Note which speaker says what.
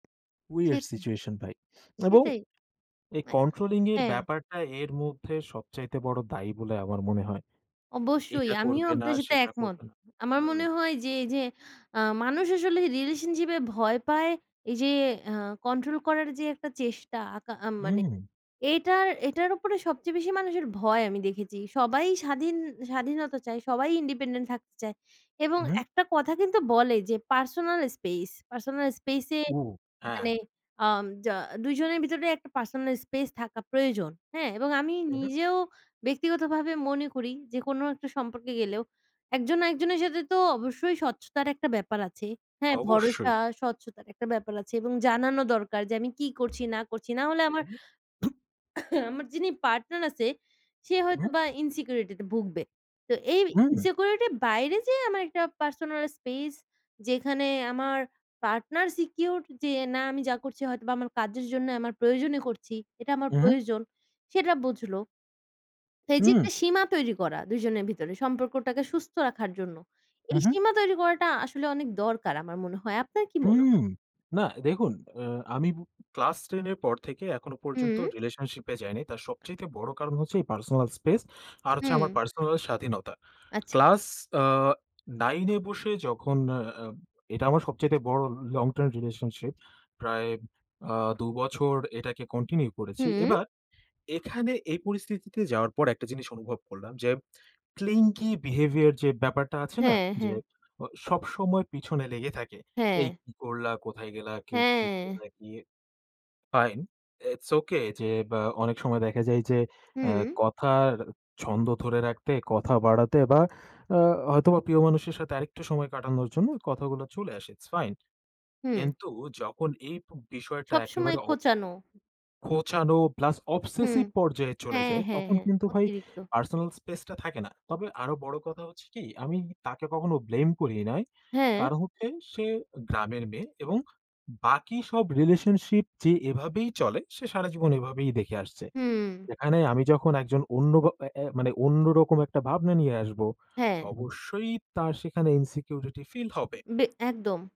Speaker 1: Weird
Speaker 2: সেটাই।
Speaker 1: Situation ভাই এবং
Speaker 2: সেটাই,
Speaker 1: এই কন্ট্রোলিং এর
Speaker 2: হ্যাঁ।
Speaker 1: ব্যাপারটা এর মধ্যে সবচাইতে বড় দায়ী বলে আমার মনে হয়।
Speaker 2: অবশ্যই
Speaker 1: এটা
Speaker 2: আমিও
Speaker 1: করবে না
Speaker 2: আপনার সাথে
Speaker 1: সেটা
Speaker 2: একমত।
Speaker 1: করবে না।
Speaker 2: আমার
Speaker 1: হুম।
Speaker 2: মনে হয় যে, এই যে, আ মানুষ আসলে রিলেশনশিপ এ ভয় পায় এই যে, আ কন্ট্রোল করার যে, একটা চেষ্টা আ মানে
Speaker 1: হুম।
Speaker 2: এটার, এটার উপরে সবচেয়ে বেশি মানুষের ভয় আমি দেখেছি। সবাই স্বাধীন, স্বাধীনতা চায় সবাই ইন্ডিপেন্ডেন্ট থাকতে চায় এবং
Speaker 1: হুম।
Speaker 2: একটা কথা কিন্তু বলে যে, পার্সোনাল স্পেস, পার্সোনাল স্পেস এ
Speaker 1: ও! হ্যাঁ।
Speaker 2: মানে আ ২ জনের ভিতরে একটা পার্সোনাল স্পেস থাকা প্রয়োজন, হ্যাঁ, এবং আমি
Speaker 1: তাই না?
Speaker 2: নিজেও ব্যক্তিগতভাবে মনে করি যে, কোনো একটা সম্পর্কে গেলেও একজন না একজনের সাথে তো অবশ্যই স্বচ্ছতার একটা ব্যাপার আছে, হ্যাঁ,
Speaker 1: অবশ্যই।
Speaker 2: ভরসা, স্বচ্ছতার একটা ব্যাপার আছে এবং জানানো দরকার যে, আমি কি করছি, না করছি না হলে আমার,
Speaker 1: হুম।
Speaker 2: আমার যিনি পার্টনার আছে, সে হয়তো
Speaker 1: হুম।
Speaker 2: বা ইনসিকিউরিটি তে ভুগবে। তো এই
Speaker 1: হুম।
Speaker 2: ইনসিকিউরিটি এর বাইরে যে, আমার একটা পার্সোনাল স্পেস যেখানে আমার পার্টনার সিকিউরড যে, না, আমি যা করছি হয়তো বা আমার কাজের জন্য আমার প্রয়োজনে করছি। এটা আমার
Speaker 1: হুম।
Speaker 2: প্রয়োজন সেটা বুঝল। এই যে, একটা
Speaker 1: হুম।
Speaker 2: সীমা তৈরী করা ২ জনের ভিতরে সম্পর্কটাকে সুস্থ রাখার জন্য। এই
Speaker 1: হুম, হুম।
Speaker 2: সীমা তৈরী করাটা আসলে অনেক দরকার আমার মনে হয় আপনার কি মনে হয়?
Speaker 1: হুম, না, দেখুন অ্যা আমি ক্লাস ১০ এর পর থেকে এখনো পর্যন্ত
Speaker 2: হুম।
Speaker 1: রিলেশনশিপ এ যাইনি। তার সবচাইতে বড় কারণ হচ্ছে পার্সোনাল স্পেস আর হচ্ছে আমার
Speaker 2: হুম।
Speaker 1: পার্সোনাল স্বাধীনতা।
Speaker 2: আচ্ছা।
Speaker 1: ক্লাস অ ৯ এ বসে যখন এটা আমার সবচাইতে বড় লং টার্ম রিলেশনশিপ প্রায় অ্যা ২ বছর এটাকে কন্টিনিউ করেছি।
Speaker 2: হুম।
Speaker 1: এবার এখানে এই পরিস্থিতিতে যাওয়ার পর একটা জিনিস অনুভব করলাম যে, ক্লিংকি বিহেভিয়ার যে, ব্যাপারটা আছে না
Speaker 2: হ্যাঁ,
Speaker 1: যে,
Speaker 2: হ্যাঁ।
Speaker 1: সবসময় পিছনে লেগে থাকে। এই
Speaker 2: হ্যাঁ।
Speaker 1: কি করলা, কোথায় গেল? কে কি
Speaker 2: হ্যাঁ।
Speaker 1: কোথায় গিয়ে? ফাইন। ইটস ওকে যে, অ্যা অনেক সময় দেখা যায় যে, অ্যা
Speaker 2: হুম।
Speaker 1: কথার ছন্দ ধরে রাখতে কথা বাড়াতে বা অ্যা হয়তোবা প্রিয় মানুষের সাথে আরেকটু সময় কাটানোর জন্য কথাগুলো চলে আসে। It's fine.
Speaker 2: হুম।
Speaker 1: কিন্তু যখন এই বিষয়টা
Speaker 2: সবসময়
Speaker 1: একেবারে অ
Speaker 2: খোঁচানো।
Speaker 1: খোঁচানো প্লাস
Speaker 2: হুম,
Speaker 1: অবসেসিভ পর্যায়ে চলে
Speaker 2: হ্যাঁ,
Speaker 1: যায়,
Speaker 2: হ্যাঁ,
Speaker 1: তখন
Speaker 2: হ্যাঁ,
Speaker 1: কিন্তু ভাই
Speaker 2: অতিরিক্ত।
Speaker 1: পার্সোনাল স্পেস টা থাকে না। তবে আরও বড় কথা হচ্ছে কি, আমি তাকে কখনো ব্লেম করি নাই।
Speaker 2: হ্যাঁ।
Speaker 1: কারণ হচ্ছে, সে গ্রামের মেয়ে এবং বাকি সব রিলেশনশিপ যে, এভাবেই চলে সে সারাজীবন এভাবেই দেখে আসছে।
Speaker 2: হুম।
Speaker 1: এখানে আমি যখন একজন অন্য এ এ মানে অন্যরকম একটা ভাবনা নিয়ে আসব,
Speaker 2: হ্যাঁ।
Speaker 1: অবশ্যই তার সেখানে ইনসিকিউরিটি ফিল হবে।
Speaker 2: বে একদম।